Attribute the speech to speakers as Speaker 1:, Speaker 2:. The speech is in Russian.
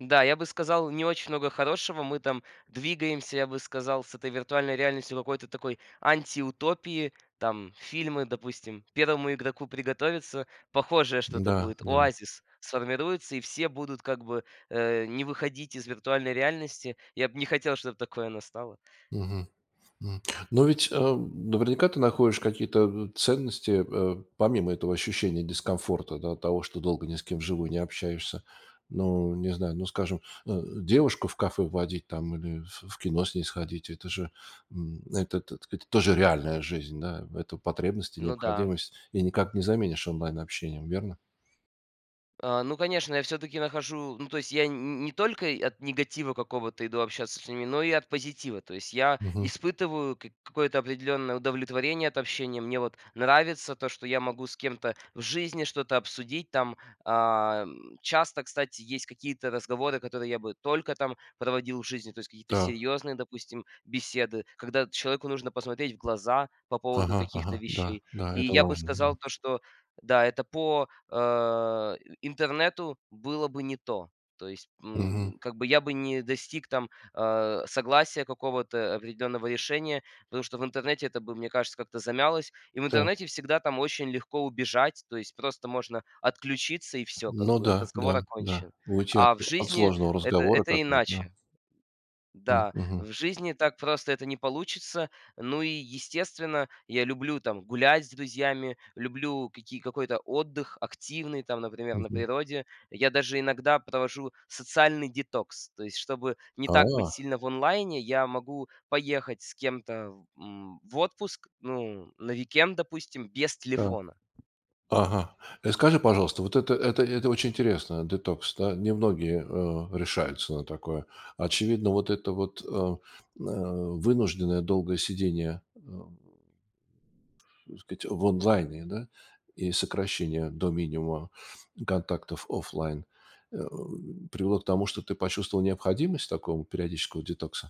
Speaker 1: Да, я бы сказал, не очень много хорошего. Мы там двигаемся, я бы сказал, с этой виртуальной реальностью к какой-то такой антиутопии. Там фильмы, допустим, "Первому игроку приготовиться", похожее что-то
Speaker 2: Да,
Speaker 1: будет.
Speaker 2: да.
Speaker 1: "Оазис" сформируется, и все будут как бы, э, не выходить из виртуальной реальности. Я бы не хотел, чтобы такое настало.
Speaker 2: Мгм. М. Но ведь, эм, наверняка ты находишь какие-то н ценности, э, помимо этого ощущения дискомфорта, да, от того, что долго ни с кем вживую не общаешься. Но, не знаю, ну, скажем, ну, девушку в кафе водить там или ф в кино с ней сходить. Это же, м, это, так сказать, это же реальная жизнь, да, в эту потребность и
Speaker 1: Ну да.
Speaker 2: необходимость, и никак не заменишь онлайн-общением, верно?
Speaker 1: А, ну конечно, я всё-таки нахожу, ну то есть я н ни не только от негатива какого-то иду общаться с ними, но и от позитива. То есть я
Speaker 2: Мгм.
Speaker 1: испытываю кик какое-то определённое удовлетворение от общения. Мне вот нравится то, что я могу с кем-то в жизни что-то обсудить. Там, а, м, часто, кстати, есть какие-то разговоры, которые я бы только там проводил в жизни, то есть какие-то
Speaker 2: Так.
Speaker 1: серьёзные, допустим, беседы, когда вот человеку нужно посмотреть в глаза по поводу
Speaker 2: Ага
Speaker 1: каких-то
Speaker 2: ага, да
Speaker 1: вещей.
Speaker 2: да,
Speaker 1: И
Speaker 2: это
Speaker 1: я бы
Speaker 2: важно. Да.
Speaker 1: сказал то, что да, это по, э, и интернету было бы не то. То есть,
Speaker 2: Мгм.
Speaker 1: м, как бы я бы не достиг там, э, согласия, какого-то определенного решения, потому что в интернете это бы, мне кажется, как-то замялось. И в
Speaker 2: Так.
Speaker 1: интернете всегда там очень легко убежать. То есть просто можно отключиться и всё, как
Speaker 2: Ну
Speaker 1: бы,
Speaker 2: да,
Speaker 1: разговор
Speaker 2: да, да,
Speaker 1: окончен. А
Speaker 2: улучать
Speaker 1: в
Speaker 2: в от
Speaker 1: жизни
Speaker 2: сложного
Speaker 1: это,
Speaker 2: разговора,
Speaker 1: это
Speaker 2: как бы, вот, да?
Speaker 1: иначе.
Speaker 2: М,
Speaker 1: Да,
Speaker 2: мгм.
Speaker 1: в жизни так просто это не получится. Ну и, естественно, я люблю там гулять с друзьями, люблю какие какой-то отдых активный там, например, на
Speaker 2: Мгм.
Speaker 1: природе. Я даже иногда провожу социальный детокс. То есть, чтобы не так быть
Speaker 2: А.
Speaker 1: сильно в онлайне, я могу поехать с кем-то в м, в отпуск, ну, на уикенд, допустим, без
Speaker 2: Так.
Speaker 1: телефона.
Speaker 2: Ага. И скажи, пожалуйста, вот это это это очень интересно, детокс. Да? Немногие, э, решаются на такое. Очевидно, вот это вот, э, м, э, вынужденное долгое сидение, эм, так сказать, в онлайне, да? И сокращение до минимума контактов офлайн, э, привело к тому, что ты почувствовал необходимость такого периодического детокса?